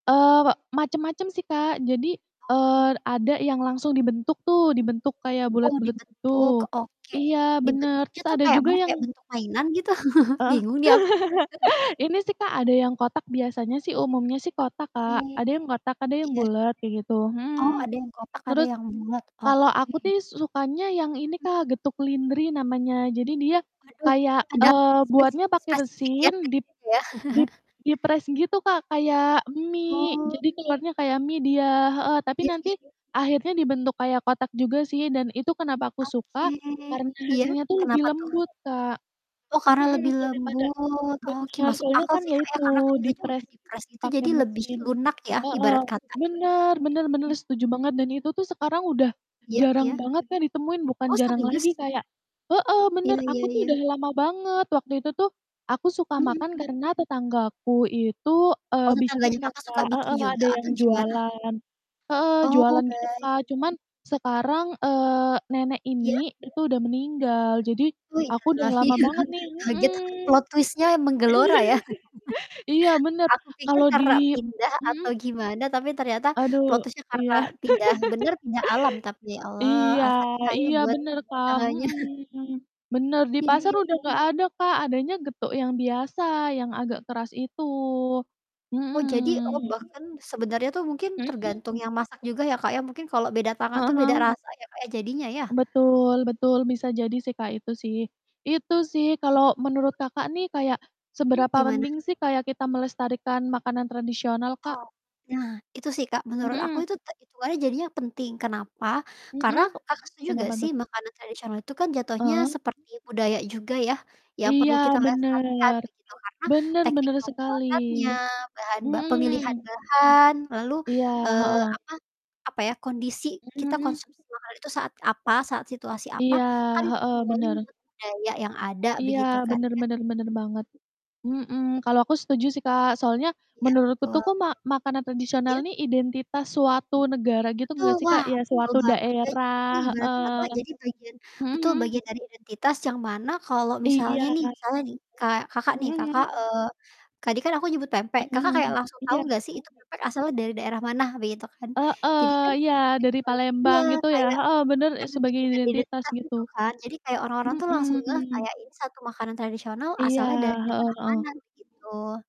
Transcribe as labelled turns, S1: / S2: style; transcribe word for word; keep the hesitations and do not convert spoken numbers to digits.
S1: Eee, we macam-macam sih, Kak. Jadi, eee,
S2: Oke.
S1: ada yang langsung dibentuk tuh, dibentuk kayak
S2: Oh
S1: bulat-bulat
S2: dibentuk,
S1: gitu
S2: oke.
S1: iya bener,
S2: Dibentuknya
S1: terus
S2: tuh
S1: ada
S2: kayak
S1: juga
S2: mana? Kayak
S1: yang
S2: bentuk mainan, gitu?
S1: Heeh.
S2: Bingung nih aku.
S1: Ini sih, Kak, ada yang kotak, biasanya sih umumnya sih kotak, Kak.
S2: Oke.
S1: Ada yang kotak, ada yang
S2: Iya.
S1: bulat kayak gitu
S2: Oh,
S1: mhm.
S2: ada yang kotak ada
S1: Terus,
S2: yang bulat.
S1: kalau aku
S2: Oke.
S1: tih su sukanya yang ini
S2: Hmm.
S1: Kak, getuk lindri namanya. Jadi dia
S2: Waduh,
S1: kayak,
S2: ada
S1: eee,
S2: spesif
S1: buatnya pakai
S2: spesifik ya,
S1: mesin
S2: Kak,
S1: dip
S2: ya.
S1: dip dipres gitu Kak, kayak mie.
S2: Oh.
S1: Jadi telornya kayak mie dia heeh, tapi
S2: Iya, sih
S1: nanti
S2: ya.
S1: akhirnya dibentuk kayak kotak juga sih dan itu kenapa aku
S2: Oke.
S1: suka? Karena
S2: Iya,
S1: hasilnya tuh lebih
S2: kenapa tuh?
S1: lembut, Kak
S2: Oh, karena
S1: mhm,
S2: lebih
S1: daripada
S2: lembut. Oke
S1: benar,
S2: masuk
S1: soalnya
S2: akal
S1: kan
S2: sih
S1: ya
S2: Kak, ya,
S1: itu
S2: karena kan dianya udah
S1: dipres
S2: dipres gitu,
S1: pakai
S2: jadi lebih
S1: mesin
S2: lunak ya
S1: heeh,
S2: ibarat kata ya?
S1: bener bener bener,
S2: M
S1: setuju banget dan itu tuh sekarang udah
S2: Iya iya.
S1: jarang banget Kak, ditemuin bukan
S2: Oh
S1: jarang
S2: serius?
S1: lagi kayak heeh, bener
S2: Iya iya
S1: aku tuh
S2: iya.
S1: udah lama banget waktu itu tuh, aku suka
S2: Mhm,
S1: makan
S2: hmm.
S1: karena tetanggaku itu, eee,
S2: Oh,
S1: bikin
S2: tetangganya
S1: kan
S2: Kakak suka
S1: Kak
S2: bikin
S1: heeh,
S2: juga
S1: ada yang
S2: atau gimana?
S1: jualan heeh,
S2: Oh,
S1: jualan gitu
S2: baik.
S1: Kak, cuman sekarang, eee, nenek
S2: Iya?
S1: ini itu udah meninggal jadi,
S2: Wuih
S1: aku udah
S2: innalillahi.
S1: lama banget nih
S2: Kaget,
S1: mhm.
S2: plot twist-nya menggelora ya.
S1: Iya, bener
S2: Aku pikir
S1: kalau
S2: karena
S1: di
S2: pindah atau
S1: mhm?
S2: gimana tapi ternyata plot
S1: Aduh,
S2: twist-nya karena
S1: iya.
S2: pindah bener pindah alam tapi, Ya Allah.
S1: Iya
S2: Al-Fatihah ya
S1: iya
S2: buat
S1: bener Kak,
S2: tetangganya.
S1: mhm. Bener, di
S2: Iya
S1: pasar
S2: iya
S1: udah
S2: iya.
S1: nggak ada Kak, adanya getuk yang biasa yang agak keras itu
S2: Oh jadi oh,
S1: mhm.
S2: bahkan sebenarnya tuh mungkin
S1: Mhm mhm?
S2: tergantung yang masak juga ya, Kak, ya. Mungkin kalau beda tangan
S1: Heeh
S2: tuh beda
S1: heeh.
S2: rasa ya, Kak, ya, jadinya ya?
S1: Betul betul bisa jadi sih, Kak, itu sih. Itu sih kalau
S2: Betul.
S1: menurut Kakak nih kayak
S2: Mmm,
S1: seberapa
S2: gimana?
S1: mending sih, kayak kita melestarikan makanan tradisional, Kak?
S2: Oh, nah itu sih Kak, menurut aku
S1: Mhm.
S2: itu ta itu aja jadinya penting, kenapa? Karena
S1: Mhm.
S2: Kakak setuju gak
S1: Kenapa
S2: sih
S1: tuh, Kak?
S2: makanan tradisional itu kan jatuhnya
S1: Heeh.
S2: seperti budaya juga ya, yang
S1: Iya
S2: perlu kita lestarikan
S1: bener.
S2: begitu, karena
S1: Bener
S2: teknik
S1: bener sekali.
S2: pembuatannya, bahan ba pemilihan
S1: Mhm.
S2: bahan lalu,
S1: Iya,
S2: eee,
S1: heeh.
S2: apa apa ya, kondisi
S1: Mhm
S2: kita
S1: mhm.
S2: konsumsi makanan itu saat apa, saat situasi apa,
S1: Iya,
S2: kan itu
S1: heeh,
S2: semuanya
S1: bener.
S2: ngikuti budaya yang ada
S1: Iya,
S2: begitu kan
S1: bener
S2: ya?
S1: bener bener banget. Mhm, kalau aku setuju sih Kak, soalnya
S2: Iya,
S1: menurutku tuh,
S2: betul.
S1: kok ma makanan tradisional
S2: Iya?
S1: nih identitas suatu negara gitu
S2: Betul,
S1: nggak sih, Kak?
S2: wah
S1: Ya
S2: betul
S1: suatu
S2: banget ya. Jadi
S1: daerah
S2: ibarat kata
S1: heeh.
S2: jadi bagian
S1: Mhm
S2: betul,
S1: mmh.
S2: bagian dari identitas yang mana kalau
S1: Iya.
S2: misalnya nih misalnya nih, kayak Kakak nih
S1: Mhm
S2: Kakak
S1: mhm.
S2: eee, tadi kan aku nyebut pempek,
S1: Mhm
S2: Kakak
S1: mhm,
S2: kayak langsung tahu
S1: iya.
S2: gak sih itu pempek asalnya dari daerah mana begitu kan. Jadi
S1: Heeh,
S2: kan
S1: iya, dari
S2: memori
S1: Palembang
S2: iya
S1: gitu ya
S2: kayak
S1: heeh, bener is
S2: karena
S1: sebagai
S2: bagian dari
S1: identitas
S2: identitas
S1: gitu,
S2: itu kan, jadi kayak orang-orang tuh langsung ngeh
S1: mhm.
S2: kayak, ini satu makanan tradisional
S1: Iya,
S2: asalnya dari
S1: heeh
S2: daerah mana,
S1: heeh.
S2: begitu.